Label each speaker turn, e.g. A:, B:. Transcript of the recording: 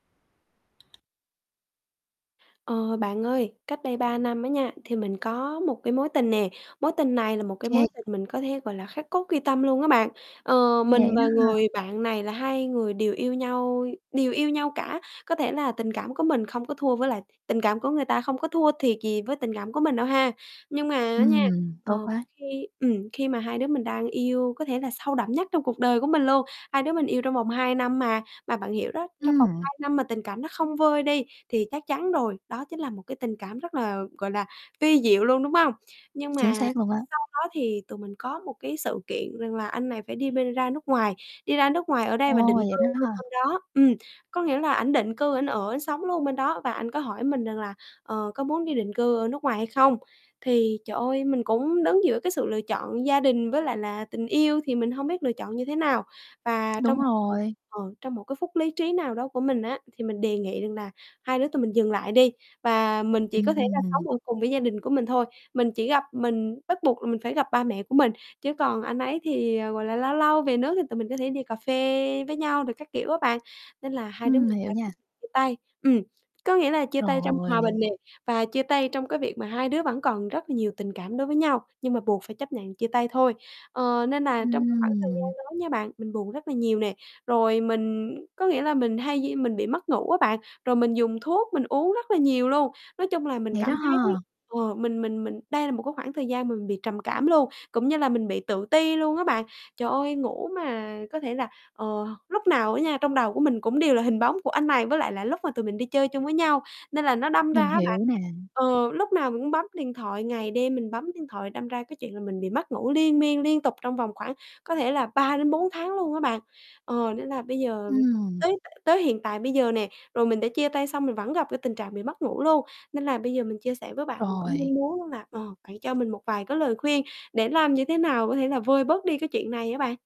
A: Ờ, bạn ơi, cách đây 3 năm á nha, thì mình có một cái mối tình nè, mối tình này là một cái
B: Kê.
A: mối tình mình có thể, gọi là, khắc cốt ghi tâm luôn á bạn. Ờ,
B: Vậy
A: mình
B: đó
A: và
B: ha.
A: người bạn này là hai người đều yêu nhau đều yêu nhau cả, có thể là tình cảm của mình không có thua với lại tình cảm của người ta không có thua thiệt gì với tình cảm của mình đâu ha. Nhưng mà á nha,
B: Ừm,
A: ờ,
B: tốt quá.
A: khi ừm, khi mà hai đứa mình đang yêu có thể là sâu đậm nhất trong cuộc đời của mình luôn, hai đứa mình yêu trong vòng 2 năm mà, mà bạn hiểu đó, trong vòng
B: Ừm.
A: 2 năm mà tình cảm đó không vơi đi thì chắc chắn rồi, đó chính là một cái tình cảm rất là, gọi là, vi diệu luôn, đúng hông? Nhưng
B: Chính
A: mà
B: xác luôn á.
A: sau đó thì tụi mình có một cái sự kiện rằng là anh này phải đi bên ra nước ngoài, đi ra nước ngoài ở đây và
B: Ô,
A: định
B: vậy
A: cư
B: đó
A: luôn
B: ha.
A: bên đó, ừm, có nghĩa là ảnh định cư ảnh ở, ảnh sống luôn bên đó và anh có hỏi mình rằng là "Ờ, có muốn đi định cư ở nước ngoài hay không?" Thì trời ơi, mình cũng đứng giữa cái sự lựa chọn gia đình với lại là tình yêu thì mình hông biết lựa chọn như thế nào. Và trong
B: Đúng
A: một phút
B: rồi.
A: ờ, trong một cái phút lí trí nào đó của mình á, thì mình đề nghị rằng là hai đứa tụi mình dừng lại đi và mình chỉ có
B: Ừm,
A: thể là
B: ừm.
A: sống ở cùng với gia đình của mình thôi, mình chỉ gặp mình bắt buộc là mình phải gặp ba mẹ của mình chứ còn anh ấy thì, ờ, gọi là, lâu lâu về nước thì tụi mình có thể đi cà phê với nhau rồi các kiểu á bạn, nên là hai đứa mình
B: Ừm, hiểu
A: đã
B: nha.
A: quyết định chia tay. Ừm, có nghĩa là chia tay trong hòa
B: Rồi.
A: bình nè, và chia tay trong cái việc mà hai đứa vẫn còn rất là nhiều tình cảm đối với nhau, nhưng mà buộc phải chấp nhận chia tay thôi. Ờ, nên là trong cái khoảng thời gian
B: Ừm.
A: đó nha bạn, mình buồn rất là nhiều nè, rồi mình có nghĩa là mình hay di mình bị mất ngủ á bạn, rồi mình dùng thuốc uống rất là nhiều luôn. Nói chung là mình
B: Vậy đó
A: cảm thấy
B: ha.
A: ờ, mình mình mình đây là một cái khoảng thời gian mà mình bị trầm cảm luôn, cũng như là mình bị tự ti luôn á bạn. Trời ơi, ngủ mà có thể là, ờ, lúc nào á nha, trong đầu của mình cũng đều là hình bóng của anh này với lại là lúc mà tụi mình đi chơi chung với nhau, nên là nó đâm ra
B: Mình
A: á
B: hiểu
A: bạn
B: nè.
A: ờ, lúc nào mình cũng bấm điện thoại, ngày đêm mình bấm điện thoại đâm ra cái chuyện là mình bị mất ngủ liên miên, liên tục trong vòng khoảng có thể là 3 đến 4 tháng luôn á bạn. Ờ, nên là bây giờ
B: Ừm.
A: tới tới hiện tại bây giờ nè, rồi mình đã chia tay xong mình vẫn gặp cái tình trạng bị mất ngủ luôn nên là bây giờ mình chia sẻ với bạn mình cũng
B: Rồi.
A: mong muốn đó là, ờ, bạn cho mình một vài cái lời khuyên để làm như thế nào có thể là vơi bớt đi cái chuyện này á bạn.